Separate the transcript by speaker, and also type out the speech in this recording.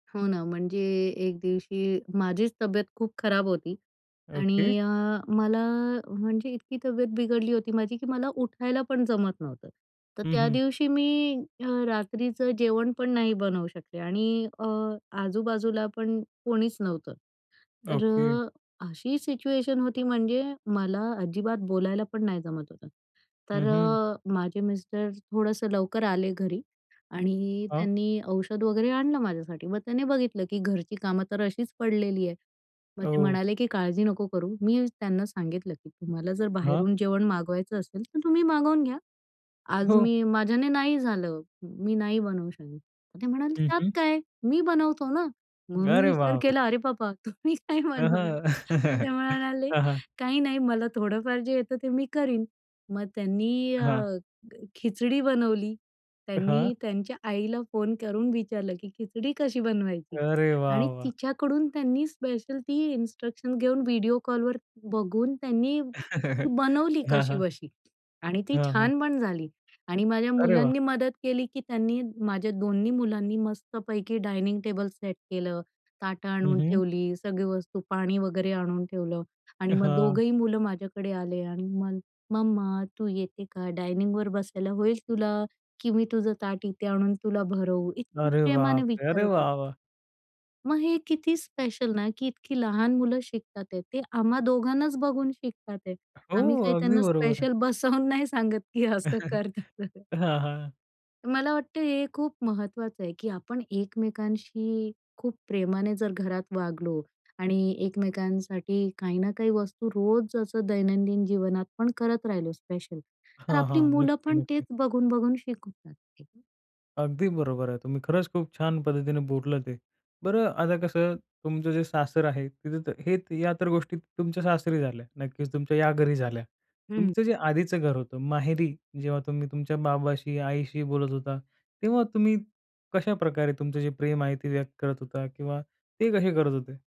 Speaker 1: हो ना, म्हणजे 1 दिवशी माझीच तब्येत खूप खराब होती.
Speaker 2: ओके.
Speaker 1: आणि अ, मला म्हणजे इतकी तब्येत बिघडली होती माझी की मला उठायला पण जमत नव्हतं. तर
Speaker 2: हं,
Speaker 1: त्या
Speaker 2: हं.
Speaker 1: दिवशी मी अ, रात्रीचं जेवण पण नाही बनवू शकले. आणि अ, आजूबाजूला पण कोणीच नव्हतं. तर
Speaker 2: ओके.
Speaker 1: अशी सिच्युएशन होती म्हणजे मला अजिबात बोलायला पण नाही जमत होतं. तर
Speaker 2: हं, हं.
Speaker 1: माझे मिस्टर थोडंसं लवकर आले घरी आणि
Speaker 2: हां.
Speaker 1: त्यांनी औषध वगैरे आणलं माझ्यासाठी, मग त्याने बघितलं की घरची कामं तर अशीच पडलेली आहेत. मग ते
Speaker 2: ओ.
Speaker 1: म्हणाले की, "काळजी नको करू." मी त्यांना सांगितलं की, "तुम्हाला जर
Speaker 2: हां.
Speaker 1: बाहेरून जेवण मागवायचं असेल तर तुम्ही मागवून घ्या. आज
Speaker 2: हो.
Speaker 1: मी माझ्याने नाही झालं. मी नाही बनवू शकत." ते म्हणाले,
Speaker 2: हं,
Speaker 1: "त्यात
Speaker 2: हं.
Speaker 1: काय? मी बनवतो ना." मग मी
Speaker 2: अरे
Speaker 1: विचार
Speaker 2: बापरे!
Speaker 1: केला अरे बाबा! "तुम्ही काय
Speaker 2: अ,
Speaker 1: बनवणार?"
Speaker 2: हं.
Speaker 1: ते म्हणाले,
Speaker 2: हं, हं.
Speaker 1: "काही नाही, मला थोडंफार जे येतं ते मी करीन." मग त्यांनी
Speaker 2: हां.
Speaker 1: अ, खिचडी बनवली.
Speaker 2: हां.
Speaker 1: त्यांनी त्यांच्या आईला फोन करून विचारलं की, "खिचडी कशी बनवायची?"
Speaker 2: अरे वाह,
Speaker 1: आणि
Speaker 2: वाह!
Speaker 1: तिच्याकडून त्यांनी स्पेशल इन्स्ट्रक्शन घेऊन व्हिडिओ कॉलवर बघून त्यांनी बनवली
Speaker 2: हां, हां.
Speaker 1: कशीबशी आणि ती
Speaker 2: हां, हां.
Speaker 1: छान पण झाली आणि माझ्या
Speaker 2: अरे वाह!
Speaker 1: मुलांनी मदत केली, की त्यांनी माझ्या 2न्ही मुलांनी मस्तपैकी डायनिंग टेबल सेट केलं, ताटं
Speaker 2: हं,
Speaker 1: आणून
Speaker 2: हं.
Speaker 1: ठेवली, सगळी वस्तू पाणी वगैरे आणून ठेवलं आणि मग
Speaker 2: हां.
Speaker 1: 2घंही मुलं माझ्याकडे आले आणि मग, "मम्मा तू येते का डायनिंगवर बसायला होईल तुला? की मी तुझं ताट इथे आणून तुला भरवू?" इतक
Speaker 2: अरे
Speaker 1: प्रेमाने
Speaker 2: बापरे! अरे
Speaker 1: विचारत होती.
Speaker 2: वाह! वाह!
Speaker 1: मग हे किती स्पेशल ना की इतकी लहान मुलं शिकत आहेत. आम्हा दोघांनाच बघून शिकत आहेत.
Speaker 2: हो,
Speaker 1: आम्ही काही
Speaker 2: अगदी
Speaker 1: त्यांना
Speaker 2: बरोबर आहे.
Speaker 1: स्पेशल बसवून नाही सांगत की असं कर, तसं कर.
Speaker 2: हां, हां.
Speaker 1: मला वाटत हे खूप महत्वाचं आहे, की आपण एकमेकांशी खूप प्रेमाने जर घरात वागलो आणि एकमेकांसाठी काही ना काही वस्तू रोज असं दैनंदिन जीवनात पण करत राहिलो स्पेशल तर
Speaker 2: हां,
Speaker 1: आपली
Speaker 2: हां,
Speaker 1: मुलं
Speaker 2: नक्की,
Speaker 1: पण तेच
Speaker 2: नक्की.
Speaker 1: बघून-बघून शिकून जातील.
Speaker 2: अगदी बरोबर आहे. तुम्ही खरंच खूप छान पद्धतीने बोललं ते. बरं आता कसं, तुमचं जे सासर आहे, तिथे तर हे या तर गोष्टी तुमच्या सासरी झाल्या, नक्कीच तुमच्या या घरी झाल्या.
Speaker 1: हं.
Speaker 2: तुमचं जे आधीचं घर होतं, माहेरी जेव्हा तुम्ही तुमच्या बाबाशी, आईशी बोलत होता, तेव्हा तुम्ही कशाप्रकारे तुमचं जे प्रेम आहे ते व्यक्त करत होता? किंवा ते कसे करत होते?